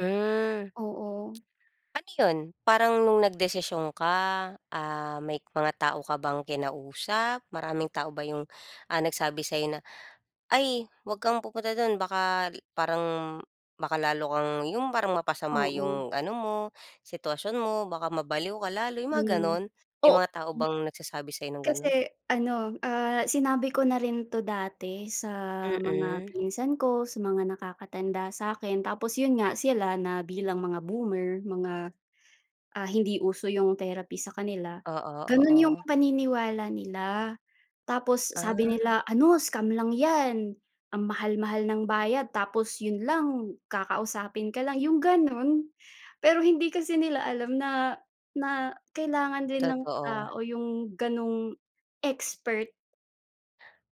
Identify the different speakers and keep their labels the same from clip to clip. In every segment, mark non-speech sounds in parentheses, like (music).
Speaker 1: Hmm.
Speaker 2: Oo.
Speaker 1: Ano 'yon? Parang nung nagdesisyon ka, ah, may mga tao ka bang kinausap? Maraming tao ba yung, ah, nagsabi sa'yo na, "Ay, huwag kang pupunta do'n. Baka i parang, baka lalo kang yung parang mapasama
Speaker 2: Oo.
Speaker 1: yung ano mo, sitwasyon mo. Baka mabaliw ka lalo," yung
Speaker 2: Hmm. O
Speaker 1: mga
Speaker 2: 'di.
Speaker 1: gano'n. May mga tao bang nagsasabi sa'yo ng
Speaker 2: Kasi
Speaker 1: gano'n?
Speaker 2: ano, ah, sinabi ko na rin 'to dati sa mga
Speaker 1: Mm.
Speaker 2: pinsan ko, sa mga nakakatanda sa'kin, tapos yun nga sila na bilang mga boomer, mga, ah, hindi uso yung therapy sa kanila,
Speaker 1: Oo,
Speaker 2: ganun yung
Speaker 1: oo.
Speaker 2: paniniwala nila. Tapos sabi
Speaker 1: Ah.
Speaker 2: nila, ano scam lang 'yan. Ang mahal-mahal ng bayad, tapos yun lang kakausapin ka lang, yung ganun. Pero hindi kasi nila alam na na kailangan din ng
Speaker 1: Totoo.
Speaker 2: tao yung ganung expert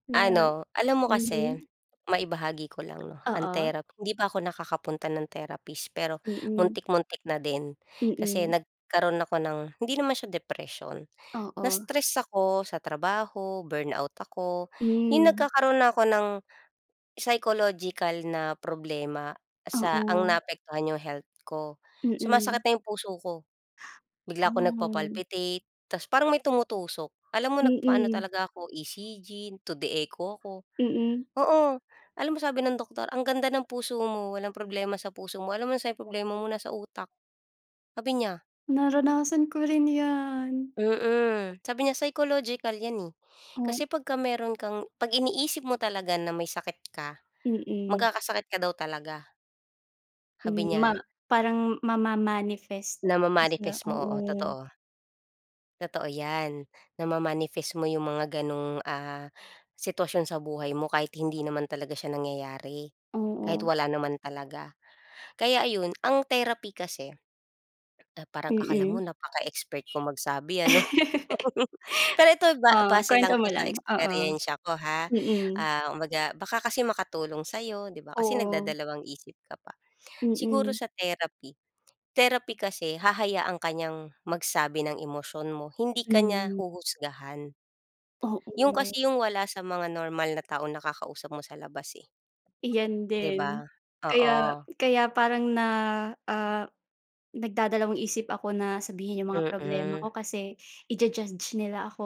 Speaker 2: no'n.
Speaker 1: Ano, alam mo kasi
Speaker 2: Mhm.
Speaker 1: maibahagi ko lang 'no, ang
Speaker 2: Oo.
Speaker 1: therapy, hindi pa ako nakakapunta ng therapist, pero
Speaker 2: Mm.
Speaker 1: muntik-muntik na din. Kasi
Speaker 2: Mm.
Speaker 1: nagkaroon ako ng, hindi naman siya depression.
Speaker 2: Oo.
Speaker 1: Na-stress ako sa trabaho, burnout ako, yung
Speaker 2: Hmm.
Speaker 1: nagkakaroon na ako ng psychological na problema sa ang
Speaker 2: Oo.
Speaker 1: naapektuhan yung health ko.
Speaker 2: Mm.
Speaker 1: Sumasakit na yung puso ko. Bigla ako
Speaker 2: Oh.
Speaker 1: nagpa-palpitate tas parang may tumutusok. Alam mo nagpaano
Speaker 2: Mm.
Speaker 1: talaga ako, ECG, 2D echo ako,
Speaker 2: Mm.
Speaker 1: oo. Alam mo sabi ng doktor, ang ganda ng puso mo. Walang problema sa puso mo. Alam mo nasa'n problema mo? Sa utak, sabi niya.
Speaker 2: Naranasan ko rin 'yan.
Speaker 1: Mm. Sabi niya, psychological 'yan, eh.
Speaker 2: Hmm.
Speaker 1: Kasi pagka meron kang pag-iniisip mo talaga na may sakit ka,
Speaker 2: Mm.
Speaker 1: magkakasakit ka daw talaga. Sabi
Speaker 2: Hmm, ma
Speaker 1: niya.
Speaker 2: parang mama-manifest na,
Speaker 1: Nama-manifest mo, oo.
Speaker 2: oo.
Speaker 1: Totoo. Totoo 'yan, nama-manifest mo yung mga gano'ng, ah, sitwasyon sa buhay mo kahit hindi naman talaga siya nangyayari, kahit
Speaker 2: Oo
Speaker 1: wala naman talaga. Kaya ayun, ang therapy kasi na parang akala mo
Speaker 2: Mm.
Speaker 1: napaka-expert ko magsabi ano.
Speaker 2: (laughs)
Speaker 1: (laughs) Pero ito, ba
Speaker 2: Oh,
Speaker 1: base
Speaker 2: kuwento
Speaker 1: lang 'to
Speaker 2: mo
Speaker 1: sa
Speaker 2: lang, oo.
Speaker 1: eksperyensiya ko, ha.
Speaker 2: Mm.
Speaker 1: Ah, kumbaga baka kasi makatulong sa'yo, di ba? Kasi
Speaker 2: Oo.
Speaker 1: nagdadalawang isip ka pa. Siguro
Speaker 2: Mm.
Speaker 1: sa therapy, therapy kasi hahayaan ka niyang magsabi ng emosyon mo, hindi ka niya
Speaker 2: Mm.
Speaker 1: huhusgahan. Yung
Speaker 2: Oo.
Speaker 1: kasi yung wala sa mga normal na taong nakakausap mo sa labas, eh.
Speaker 2: Iyan
Speaker 1: Di ba?
Speaker 2: din. Kaya
Speaker 1: Oo.
Speaker 2: kaya parang na ah, nagdadalawang-isip ako na sabihin yung mga problema ko
Speaker 1: Mm.
Speaker 2: kasi iju-judge nila ako.